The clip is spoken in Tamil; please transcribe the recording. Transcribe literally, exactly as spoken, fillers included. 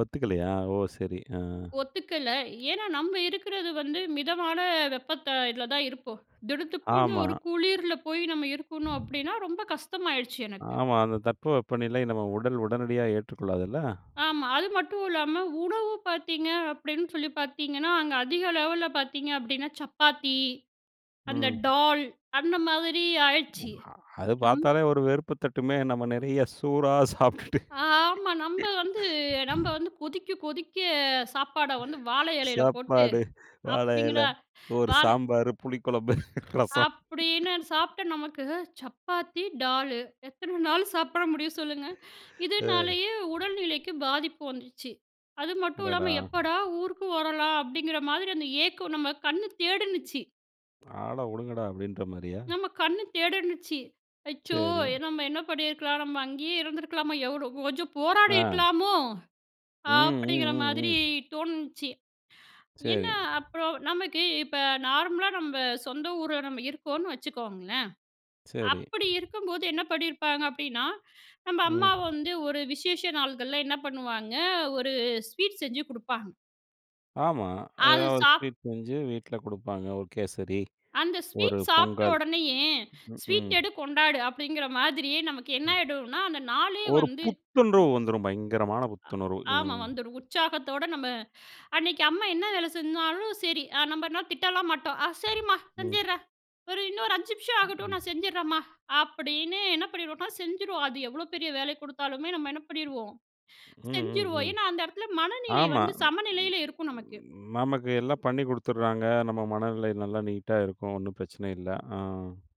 ஒத்துக்கலையா? ஓ! சரி. அ. ஒத்துக்கல. ஏன்னா நம்ம இருக்குறது வந்து மிதமான வெப்பத்த இதுல தான் இருப்போம். திடுத்துப்பூன்னு ஆமா. ஒரு குளிர்ல போய் நம்ம இருக்கணும் அப்டின்னா, ரொம்ப கஷ்டமாயிடுச்சு எனக்கு. ஆமா. அந்த தட்பவெப்பநிலை நம்ம உடல் உடனடியா ஏற்றுக்கொள்ளாதுல்ல. ஆமா அது மட்டும் இல்லாம, உணவு பாத்தீங்க அப்டின்னு சொல்லி பாத்தீங்கன்னா, அங்க அதிக லெவல்ல பாத்தீங்க அப்டின்னா, சப்பாத்தி, அந்த ம். டால், அந்த மாதிரி ஆயிருச்சி அது நம்ப பாத்தாலே ஒரு வெறுப்பு தட்டுமே! நம்ம நெறையா சோறா சாப்புட்டுட்டு, அ ஆமா நம்ம வந்து நம்ம வந்து, கொதிக்க கொதிக்க சாப்பாட வந்து வாழை இலையில போட்டு சாப்பாடு, வாழை இலை, அப்டிங்களா ஒரு வா சாம்பார், புளிக்குழம்பு, ரசம். அப்டின்னு சாப்ட்ட நமக்கு, சப்பாத்தி, டால் எத்தன நாள் சாப்பட முடியும் சொல்லுங்க? அ. இதனாலேயே உடல்நிலைக்கு பாதிப்பு வந்துச்சு. அது மட்டும் அடடா! இல்லாம "எப்போடா ஊருக்கு வரலாம்!" அப்டிங்கற மாதிரி அந்த ஏக்கம் நம்ம கண்ணு தேடினுச்சு. ஆள உடுங்கடா அப்டின்ற மாரியா? நம்ம கண்ணு தேடுன்னுச்சு. "அச்சோ! சரி. நம்ம என்ன பண்ணியிருக்கலாம் நம்ம அங்கேயே இருந்துருக்கலாமா, எவ்ளோ கொஞ்சம் அ. போராடியிருக்கலாமோ?" அப்டிங்கற மாதிரி ம். தோணுச்சு. என்ன சரி. அப்பறம் நமக்கு இப்ப நார்மலா நம்ம சொந்த ஊர்ல நம்ம இருக்கோம்னு வச்சுக்கோங்களேன், சரி. அப்டி இருக்கும்போது என்ன பண்ணிருப்பாங்க அப்டின்னா, நம்ம ம். அம்மா வந்து ஒரு விசேஷ நாள்கள்ல என்ன பண்ணுவாங்க, ஒரு ஸ்வீட் செஞ்சு குடுப்பாங்க. ஆமா. அது ஏதாவது ஒரு சாப் ஸ்வீட் செஞ்சு வீட்ல குடுப்பாங்க. ஒரு கேசரி, அந்த ஒரு ஸ்வீட் சாப்ட்ட பொங்கல். உடனேயே, "ஸ்வீட் உம். எடு கொண்டாடு." அப்டிங்கற மாதிரியே நமக்கு என்ன ம். ஆகிடும்னா அந்த நாளே ஒரு வந்து, புத்துண்டு வந்துரும். பயங்கரமான புத்துணர்வு. ஆ ஆமா. ம். வந்துடும் உற்சாகத்தோட நம்ம அன்னைக்கு அம்மா என்ன வேலை செஞ்சாலும் சரி, நம்ம என்ன திட்டலாம் மாட்டோம் "சரிம்மா ம். செஞ்சிட்றேன். ஒரு இன்னொரு அஞ்சு நிமிஷம் ஆகட்டும் ம். நான் செஞ்சிறேன்மா." அப்டின்னு என்ன பண்ணிடுவோம்னா, செஞ்சுடுவோம். அது எவ்ளோ பெரிய வேலை கொடுத்தாலுமே நம்ம என்ன பண்ணிடுவோம்? செஞ்சுருவோம். ம். ஏன்னா அந்த இடத்துல மனநிலை ஆமா. வந்து ம் சமநிலையில இருக்கும் நமக்கு. நமக்கு எல்லாம் பண்ணி குடுத்துறாங்க. நம்ம மனநிலை நல்லா நீட்டா இருக்கும் ஒண்ணும் பிரச்சன இல்ல. அ.